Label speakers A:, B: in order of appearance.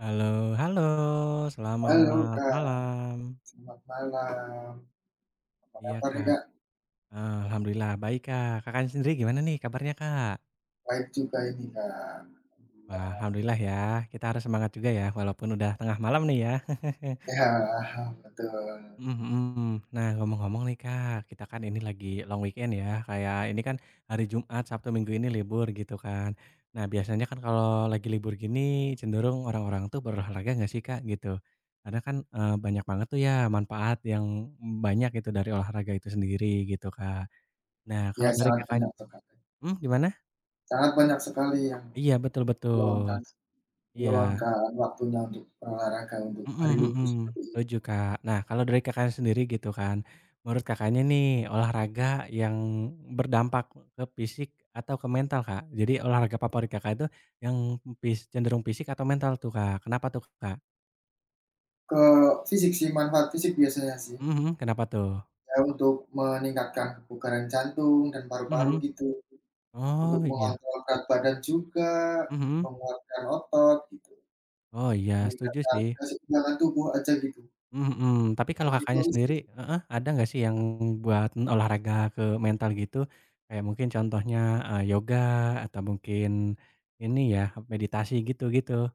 A: Halo halo.
B: Halo
A: Selamat
B: Kak.
A: malam.
B: Selamat malam. Apa
A: Iya
B: kabar nih
A: Kak.
B: Kak?
A: Eee, Alhamdulillah baik Kak. Kakak sendiri gimana nih kabarnya Kak?
B: Baik juga ini Kak.
A: Wah,
B: Alhamdulillah.
A: Alhamdulillah ya. Kita harus semangat juga ya, walaupun udah tengah malam nih ya.
B: Iya betul.
A: Mhm mhm. Nah, ngomong-ngomong nih Kak, kita kan ini lagi long weekend ya. Kayak ini kan hari Jumat, Sabtu, Minggu ini libur, gitu kan. Nah, biasanya kan kalau lagi libur gini cenderung orang-orang tuh berolahraga nggak sih Kak, gitu. Karena kan, eee, banyak banget tuh ya manfaat yang, mmm, banyak gitu dari olahraga itu sendiri, gitu Kak. Nah,
B: Iya,
A: kalau dari
B: sangat
A: Kakakny
B: banyak sekali.
A: mmm, gimana?
B: Sangat banyak sekali yang
A: Iya, betul betul.
B: meluangkan
A: Iya.
B: meluangkan waktunya untuk olahraga untuk
A: Mhm
B: hari libur
A: mhm.
B: seperti ini.
A: Setuju Kak. Nah, kalau dari Kakak sendiri gitu kan, menurut Kakaknya nih olahraga yang berdampak ke fisik atau ke mental Kak? Jadi olahraga favorit Kakak itu yang e fis cenderung fisik atau mental tuh Kak? Kenapa tuh Kak?
B: Ke fisik sih, manfaat fisik biasanya sih.
A: Mhm mhm. Kenapa tuh?
B: Saya untuk meningkatkan kebugaran jantung dan paru-paru,
A: Mhm.
B: gitu. Untuk
A: Oh, iya.
B: mengontrol berat badan juga,
A: Mhm.
B: menguatkan otot, gitu.
A: Oh iya. Setuju
B: Meningkatkan
A: sih.
B: keseimbangan tubuh aja gitu.
A: Mmm, mhm. Tapi kalau
B: Lebih ke
A: Kakaknya
B: fisik
A: sendiri
B: sih.
A: heeh, ada nggak sih yang buat olahraga ke mental gitu? Kayak mungkin contohnya, eee, yoga atau mungkin ini ya, meditasi, gitu-gitu.